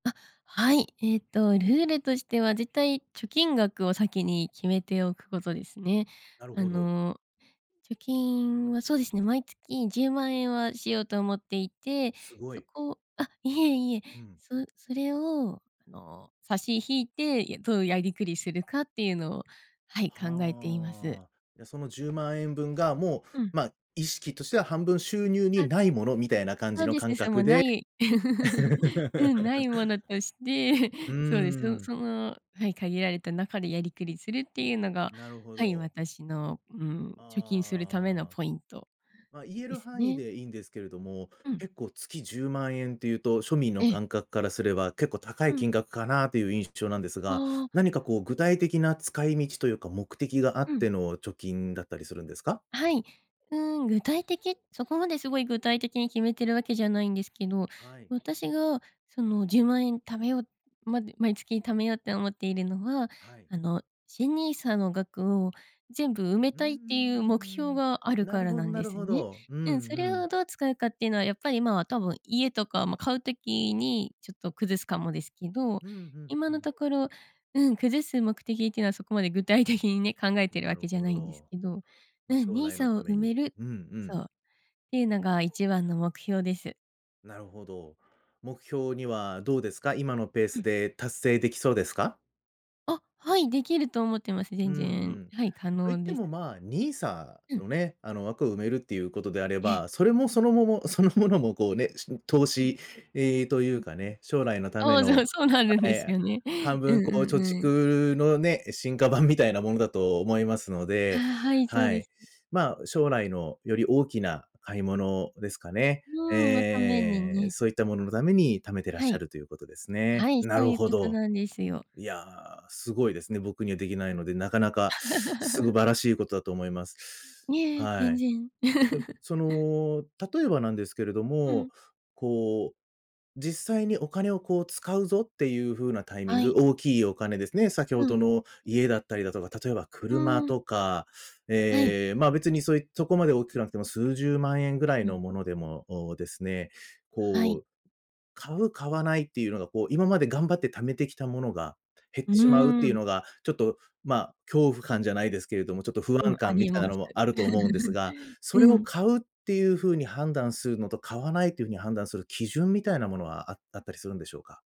あ、はい。えっと、ルールとしては、絶対貯金額を先に決めておくことですね。なるあほど。の、貯金は、そうですね、毎月10万円はしようと思っていて、すごそい。こあ、いえいえ、うん。そそれをあの、差し引いて、やどういうやりくりするかっていうのを、はい、考えています。はあ。いや、その10万円分が、もう、うん。ま、意識としては半分収入あにないものみたいな感そじうのですね、感さも覚なで。い うん、ない ものとして、うー そうです。そん。その、はい、限られた中でやりくりするっていうのがなるほはい、ど。私の、うん、貯金するためのああ。ポイント。ま、言えでるす範囲ね。でいいんですけれども、うん。結構月10万円っていうと、庶民のええ。感覚からすれば結構高いうん。金額かな？という印象なんですが、ああ。何かこう具体的な使い道というか、目的があうっん。ての貯金だったりするんですか？はい。うん、具体的そこまですごい具体的に決めてるわけじゃないんですけど、はい。私がその「10万円貯めよう」まど毎月貯めようって思っているのは、はい。あの、新 NISA の額を全部埋めうーたいっていう目標ん。があるなかるらほどなんなでるすほね。ど、うんうん、そうれん。をどう使うかっていうのは、やっぱり今は多分家とか、ま、買う時にちょっと崩すかもですけど、うん、ふん、今うのん。ところ、うん、崩す目的っていうのはそこまで具体的にね、考えてるなわるけじゃほないんですど。けど、うま、ん、将来の NISA たをめ埋に、めるうんうん。そう、っていうのが一番の目標です。なるほど。目標にはどうですか？今のペーうスん。で達成できそうですか？あ、はい、できると思ってます。うん全う然、ん。はい、可と言っ能てです。も、ま、NISA うん。のね、あの枠を埋めるっていうことであれええ。ば、それもそのももそのものもこうね、しん投うん。資ええ、というんううん。かね、将来のたあめあ、じゃのあ、そうなるんあ、ですえ、あ、よね。半うん分うこうん貯うん。蓄のね、進化版みたいなものだと思いますのあ、で、はい、そうはでい。す。ま、将来のより大きな買い物ですかね。うーん、のためにええ、ね。そういったもののために貯めてらっはしゃい。るということですね。はい、なそうるいうこほとど。なんですよ。いや、すごいですね、僕にはできないので、なかなか素 晴らしいことだと思います。いえ、は全い。然。で、そ の、例えばなんですけれどうも、ん。こう、実際にお金をこう「使うぞ！」っていう風なタイミンあグ、い。大きいお金ですね、先ほうどん。の家だったりだとか、例えばう車ーん。とか、はい。え、ま、別にそういそこまで大きくなくても数十万円ぐらいうのん。ものでも、おお、ですね、はこい。う、買う買わないっていうのが、こう、今まで頑張って貯めてきたものが減っうーてしまうっていうん。のが、ちょっと、ま、恐怖感じゃないですけれども、ちょっと不う安ん、あ感みりたいなまのす。もあると思うんですが、それうをん。買うっていう風に判断するのと、買わないっていう風うん。に判断する基準みたいなものはああったりするんでしょうか？